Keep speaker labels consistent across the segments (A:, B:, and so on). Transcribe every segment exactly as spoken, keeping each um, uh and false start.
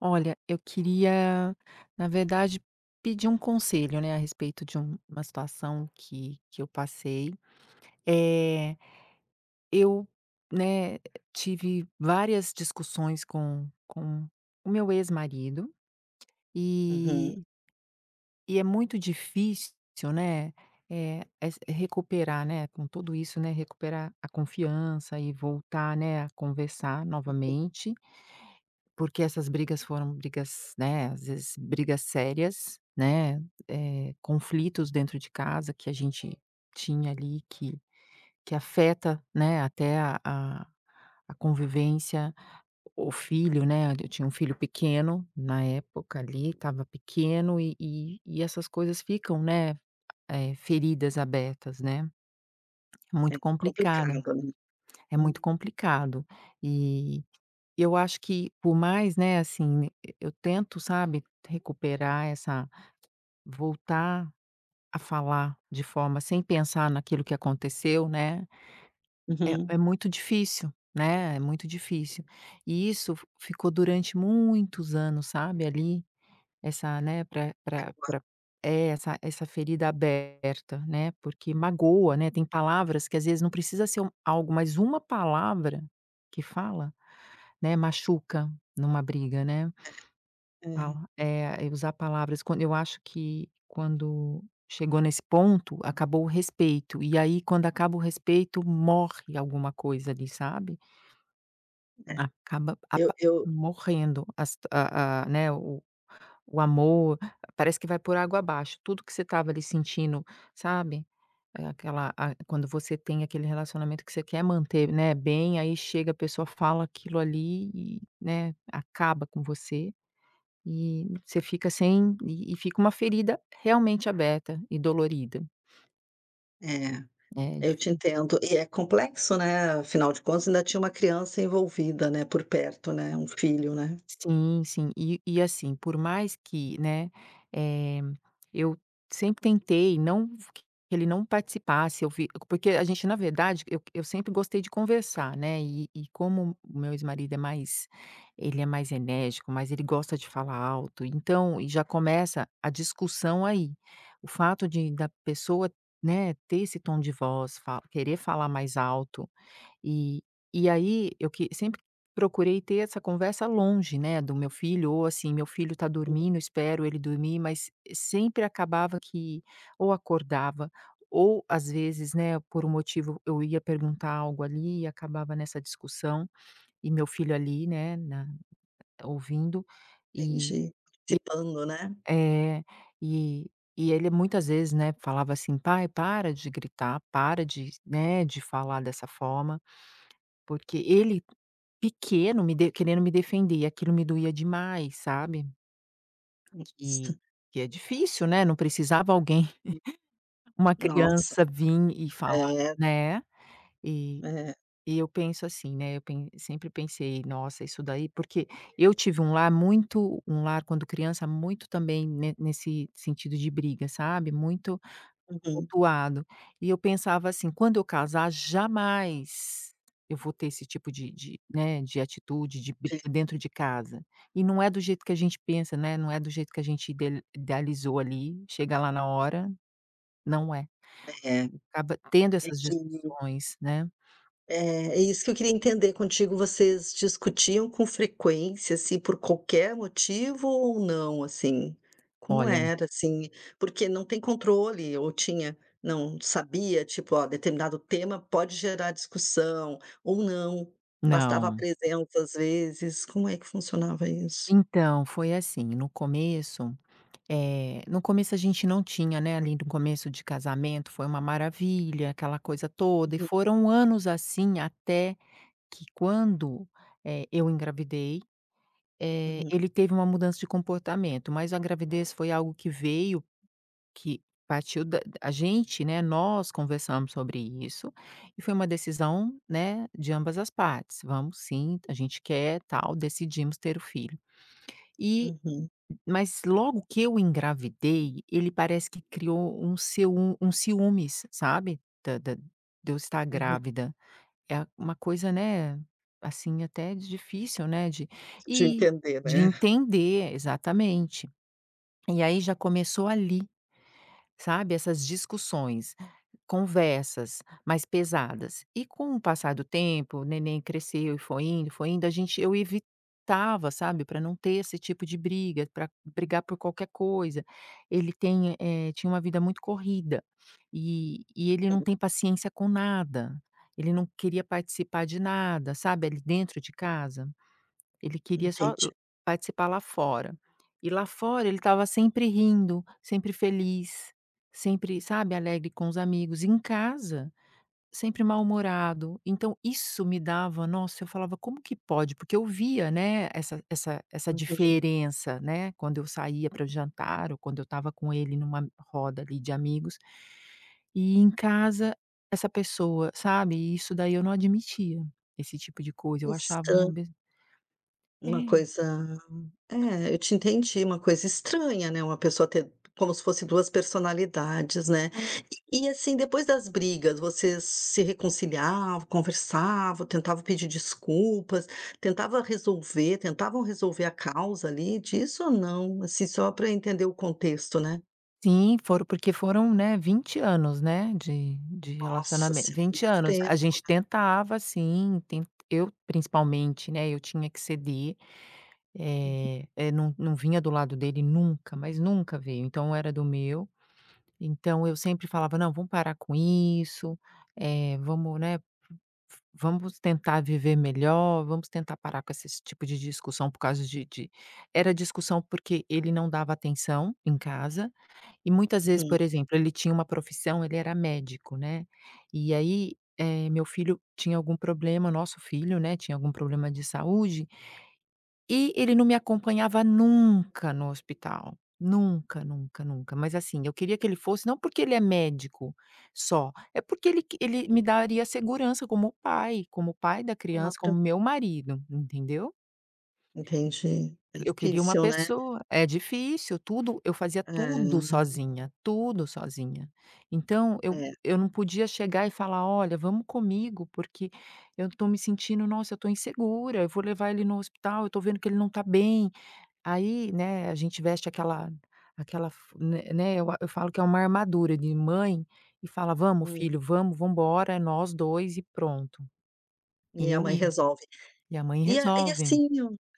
A: Olha, eu queria, na verdade, pedir um conselho, né, a respeito de um uma situação que que eu passei. Eh, eu, né, tive várias discussões com com o meu ex-marido,
B: Uhum.
A: e e é muito difícil, né, eh, s recuperar, né, com tudo isso, né, recuperar a confiança e voltar, né, a conversar
B: [unintelligible]
A: novamente. Porque essas brigas foram brigas, né, às vezes, brigas sérias, né, eh, conflitos dentro de casa que a gente tinha ali que que afeta, né, até a a a convivência, o filho, né. Eu tinha um filho pequeno na época, ali, estava pequeno e e e essas coisas ficam, né, eh, feridas abertas, né.
B: É
A: Muito
B: complicado.
A: complicada é muito complicado. E eu acho que, por mais, né, assim, eu tento, sabe, recuperar essa voltar a falar de forma sem pensar naquilo que aconteceu, né, eh,
B: Uhum.
A: é muito difícil, né, é muito difícil. E isso f ficou durante muitos anos, sabe, ali, essa, né, pra pra
B: [unintelligible]
A: pra é, essa essa ferida aberta, né, porque magoa, né. Tem palavras que, às vezes, não precisa ser algo, mas uma palavra que fala, né, machuca numa briga, né.
B: É, é.
A: Fala é é usar palavras quando eu acho que quando chegou nesse ponto, acabou o respeito, e aí quando acaba o respeito, morre alguma coisa ali, sabe?
B: É,
A: Acaba
B: eu,
A: apa
B: eu
A: morrendo as a a né, o o amor, parece que vai por água abaixo. Tudo que você tava ali sentindo, sabe, eh, aquela a quando você tem aquele relacionamento que você quer manter, né, bem, aí chega, a pessoa fala aquilo ali e, né, acaba com você e você fica sem e e fica uma ferida realmente aberta e dolorida.
B: É,
A: É
B: eu te
A: difí
B: entendo. E é complexo, né, afinal de contas, ainda tinha uma criança envolvida, né, por perto, né, um filho, né.
A: Sim, sim. E e assim, por mais que, né, eh, eu sempre tentei não f q que ele não participasse, eu vi porque a gente, na verdade, eu eu sempre gostei de conversar, né, e e como o meu ex-marido é mais ele é mais enérgico, mas ele gosta de falar alto, então, e já começa a discussão aí, o fato de da pessoa, né, ter esse tom de voz, fa querer falar mais alto, e e aí eu que sempre procurei ter essa conversa longe, né, do meu filho ou, assim, meu filho tá
B: [unintelligible]
A: dormindo, eu espero ele dormir, mas, sempre acabava que, ou acordava ou, às vezes, né, por um motivo eu ia perguntar algo ali e acabava nessa discussão, e meu filho ali, né, na ouvindo e e
B: Entendi. Participando, né?
A: É, e e ele, muitas vezes, né, falava assim: "Pai, para de gritar, para de né, de falar dessa forma", porque ele pequeno me de querendo me defender, e aquilo me doía demais, sabe. Que
B: [unintelligible]
A: que é difícil, né, não precisava alguém,
B: [unintelligible]
A: uma
B: Nossa!
A: criança vim e falar,
B: É.
A: né. E
B: É.
A: e eu penso, assim, né, eu pen sempre pensei: "Nossa, isso daí" Porque eu tive um lar muito um lar, quando criança, muito, também, ne nesse sentido de briga, sabe, muito
B: Uhum.
A: tumultuado, e eu pensava assim: "Quando eu casar, jamais eu vou ter esse tipo de de né, de atitude, de
B: [unintelligible]
A: briga dentro de casa", e não é do jeito que a gente pensa, né, não é do jeito que a gente ide idealizou ali, chega lá na hora, não é.
B: É.
A: Acaba tendo
B: É
A: essas
B: que o
A: discussões, né?
B: Eh, é isso que eu queria entender contigo: vocês discutiam com frequência, assim, por qualquer motivo ou não, assim, como
A: Olha.
B: era, assim? Porque não tem controle ou tinha não sabia, tipo, "Ó, determinado tema pode gerar discussão" ou não, bastava a
A: Não.
B: presença, às vezes, como é que funcionava isso?
A: Então, foi assim: no começo, eh, no começo a gente não tinha, né, ali no começo de casamento, foi uma maravilha, aquela coisa toda, e
B: Uhum.
A: foram anos assim até que quando, eh, eu engravidei, eh,
B: Uhum.
A: ele teve uma mudança de comportamento, mas a gravidez foi algo que veio, que partiu da a gente, né, nós conversamos sobre isso e foi uma decisão, né, de ambas as partes. "Vamos, sim, a gente quer, tal", decidimos ter o filho, e
B: Uhum.
A: mas logo que eu engravidei, ele parece que criou um ciú um ciúmes, sabe, da da de eu estar
B: Uhum.
A: grávida, é uma coisa, né, assim, até difícil, né, de
B: Te
A: e,
B: entender,
A: de
B: né?
A: entender, exatamente. E aí já começou ali, sabe, essas discussões, conversas mais pesadas, e com o passar do tempo, o neném cresceu e foi indo e foi indo, a gente eu evitava, sabe, pra não ter esse tipo de briga, pra brigar por qualquer coisa. Ele tem, eh, tinha uma vida muito corrida e e ele não
B: Hum.
A: tem paciência com nada, ele não queria participar de nada, sabe, ali dentro de casa, ele queria só o
B: Entendi.
A: participar lá fora, e lá fora ele estava sempre rindo, sempre feliz, sempre sabe, alegre com os amigos, em casa, sempre mal-humorado. Então, isso me dava Nossa! Eu falava: "Como que pode?" Porque eu via, né, essa essa essa
B: Uhum.
A: diferença, né, quando eu saía pra jantar ou quando eu estava com ele numa roda ali de amigos e em casa essa pessoa, sabe, e isso daí eu não admitia, esse tipo de coisa. Eu achava um
B: Esta
A: ab
B: Uma
A: É.
B: coisa É, eu te entendi, uma coisa estranha, né, uma pessoa ter como se fosse duas personalidades, né.
A: É.
B: E, assim, depois das brigas, vocês se reconciliava, conversava, tentava pedir desculpas, tentava resolver, tentavam resolver a causa ali disso ou não? Assim, só pra entender o contexto, né?
A: Sim, foram, porque foram, né, vinte anos, né, de de
B: Nossa
A: relacionamen
B: Senhora,
A: vinte
B: muito
A: anos.
B: tempo,
A: A gente
B: né?
A: tentava, sim, ten eu principalmente, né, eu tinha que ceder.
B: Uhum.
A: Eh eh, não não vinha do lado dele nunca mas nunca veio. Então era do meu. Então eu sempre falava: "Não, vamos parar com isso. Eh, vamos, né, v vamos tentar viver melhor, vamos tentar parar com esses tipo de discussão por causa de de". Era discussão porque ele não dava atenção em casa. E muitas vezes,
B: Uhum.
A: por exemplo, ele tinha uma profissão, ele era médico, né. E aí, eh, meu filho tinha algum problema nosso filho, né, tinha algum problema de saúde e ele não me acompanhava nunca no hospital. Nunca nunca nunca. Mas assim, eu queria que ele fosse, não porque ele é médico só, é porque ele q ele me daria segurança como pai, como pai da criança, como
B: Claro.
A: meu marido, entendeu?
B: Entendi. É
A: Eu queria uma
B: difícil, né?
A: pessoa É difícil, tudo eu fazia tudo
B: É.
A: sozinha tudo sozinha. Então eu,
B: É.
A: eu não podia chegar e falar: "Olha, vamos comigo, porque eu tô me sentindo, nossa, eu tô insegura, eu vou levar ele no hospital, eu tô vendo que ele não tá bem". Aí, né, a gente veste aquela aquela f né né, eu a eu falo que é uma armadura de mãe e fala: "Vamos
B: Hum.
A: filho, vamos vamos embora. É nós dois e pronto".
B: E a
A: Eu
B: mãe
A: ia.
B: resolve.
A: E a mãe
B: E a e
A: resolve.
B: assim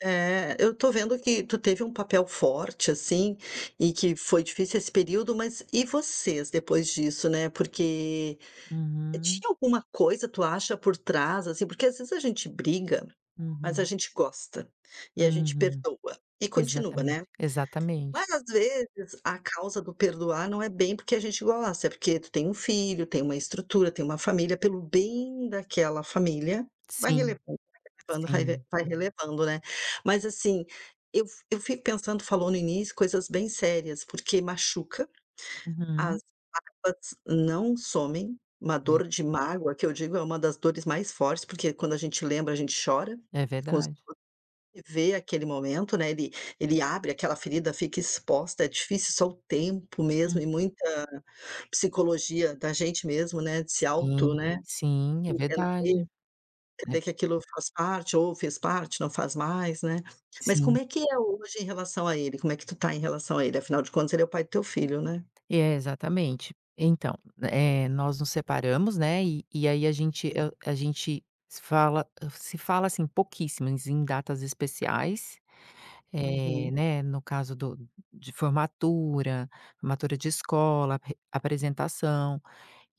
B: É, eu tô vendo que tu teve um papel forte assim. E que foi difícil esse período. Mas e vocês depois disso, né. Porque
A: Uhum.
B: tinha alguma coisa, tu acha por trás, assim? Porque às vezes a gente briga, mas a
A: Uhum.
B: gente gosta e a gente
A: Uhum.
B: perdoa e continua, né.
A: Exatamente, exatamente.
B: Várias vezes a causa do perdoar não é bem porque a gente gosta, é porque tu tem um filho, tem uma estrutura, tem uma família, pelo bem daquela família vai
A: Sim.
B: relevando vai relevando raive
A: Sim.
B: vai relevando, né. Mas assim, eu fi eu fico pensando tu falou no início coisas bem sérias, porque machuca, as
A: Uhum.
B: mágoas não somem. Uma
A: Ve
B: dor de mágoa, que eu digo, é uma das dores mais fortes, porque quando a gente lembra, a gente chora,
A: É
B: e quando
A: verdade.
B: [unintelligible] vê aquele momento, né, ele ele abre aquela ferida, fica exposta, é difícil. Só o tempo mesmo
A: Hum.
B: e muita psicologia da gente mesmo, né, de se auto,
A: Sim,
B: né,
A: sim, é
B: entender
A: verdade. É v
B: entender que aquilo faz parte ou fez parte, não faz mais, né. Mas como
A: Sim.
B: é que é hoje em relação a ele? Como é que tu tá em relação a ele? Afinal de contas, ele é o pai do teu filho, né.
A: É, exatamente. Então, eh, nós nos separamos, né, e e aí a gente
B: Hum.
A: eu a gente se fala se fala assim pouquíssimas em datas especiais, eh,
B: Uhum.
A: né, no caso do de formatura, formatura de escola. Re apresentação.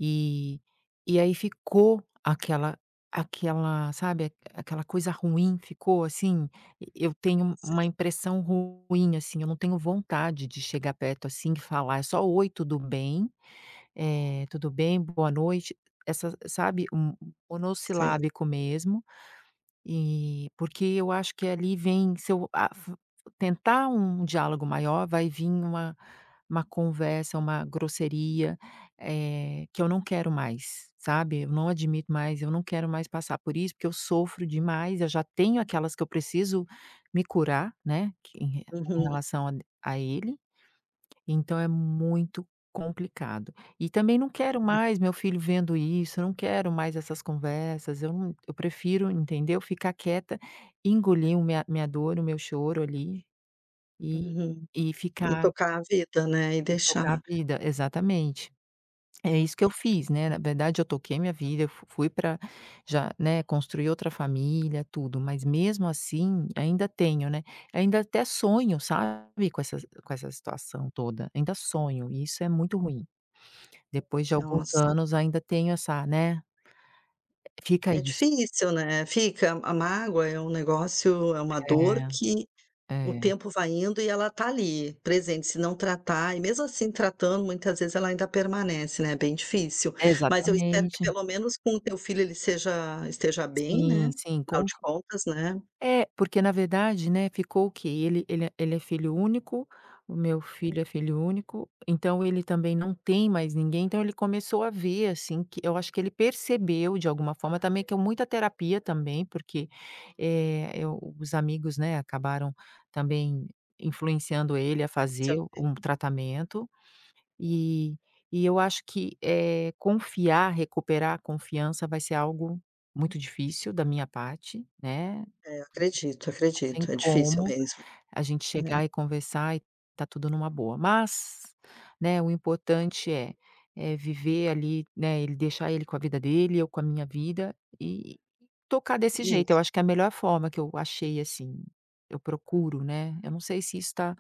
A: E e aí ficou aquela aquela, sabe, aquela coisa ruim, ficou assim. E eu tenho
B: Sei.
A: uma impressão ruim, assim, eu não tenho vontade de chegar perto assim e falar é só: "Oi, tudo bem?" Eh, "Tudo bem? Boa noite". Essa sabe, m
B: Sei.
A: monossilábico mesmo. Eh, porque eu acho que ali vem, se eu a f tentar um diálogo maior, vai vim uma uma conversa, uma grosseria, eh, que eu não quero mais, sabe. Eu não admito mais, eu não quero mais passar por isso, porque eu sofro demais. Eu já tenho aquelas que eu preciso me curar, né, que em re em
B: Uhum.
A: relação a a ele. Então é muito complicado. E também não quero
B: Uhum.
A: mais meu filho vendo isso, não quero mais essas conversas, eu não eu prefiro, entendeu, ficar quieta, engolir o minha minha dor, o meu choro ali e
B: Uhum.
A: e
B: E
A: ficar
B: tocar a vida, né. E
A: E tocar a
B: deixar
A: vida, exatamente. É isso que eu
B: É.
A: fiz, né. Na verdade, eu toquei minha vida, eu f fui pra já, né, construi outra família, tudo. Mas mesmo assim ainda tenho, né. Ainda até sonho, sabe, com essas com essa situação toda. Ainda sonho, e isso é muito ruim. Depois de alguns
B: Nossa.
A: anos, ainda tenho essa, né, fica
B: É
A: isso.
B: difícil, né. Fica. A a mágoa é um negócio é uma dor
A: É.
B: que o
A: É.
B: tempo vai indo e ela tá ali, presente. Se não tratar, e mesmo assim tratando, muitas vezes ela ainda permanece, né. É bem difícil. Mas eu espero que
A: Exatamente.
B: pelo menos com o teu filho, ele seja esteja bem,
A: Sim,
B: né.
A: sim,
B: Afinal
A: com
B: de
A: c
B: contas, né
A: É, porque, na verdade, né, ficou o quê? Ele ele é ele é filho único, o meu
B: Uhum.
A: filho é filho único. Então ele também não tem mais ninguém. Então ele começou a ver, assim, que eu acho que ele percebeu de alguma forma também que é um muita terapia também, porque, eh eh, os amigos, né, acabaram também influenciando ele a fazer
B: [unintelligible]
A: um tratamento. E e eu acho que, eh, confiar recuperar a confiança vai ser algo muito difícil da minha parte, né?
B: É, eu acredito
A: Não tem
B: acredito. É difícil
A: como
B: mesmo.
A: a gente
B: Uhum.
A: chegar e conversar e tá tudo numa boa. Mas, né, o importante é é viver ali, né, ele deixar ele com a vida dele, eu com a minha vida e e tocar desse jeito. Eu
B: Isso.
A: acho que é a melhor forma que eu achei, assim, eu procuro, né. Eu não sei se isso tá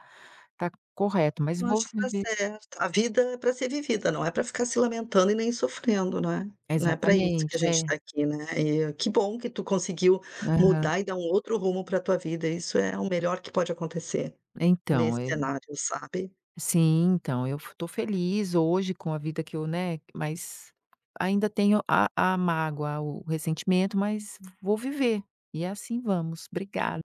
A: tá correto, mas
B: Eu
A: vou
B: acho que tá
A: viver s
B: certo. A vida é pra ser vivida, não é pra ficar se lamentando e nem sofrendo, não é? Não é pra isso
A: Exatamente,
B: que a gente
A: é.
B: tá aqui, né. E que bom que tu conseguiu
A: Aham.
B: mudar e dar um outro rumo pra tua vida, isso é o melhor que pode acontecer.
A: Então,
B: Nesse
A: e
B: cenário, sabe?
A: Sim. Então, eu f tô feliz hoje com a vida que eu, né, mas ainda tenho a a mágoa, o ressentimento, mas vou viver. E assim vamos Obrigada.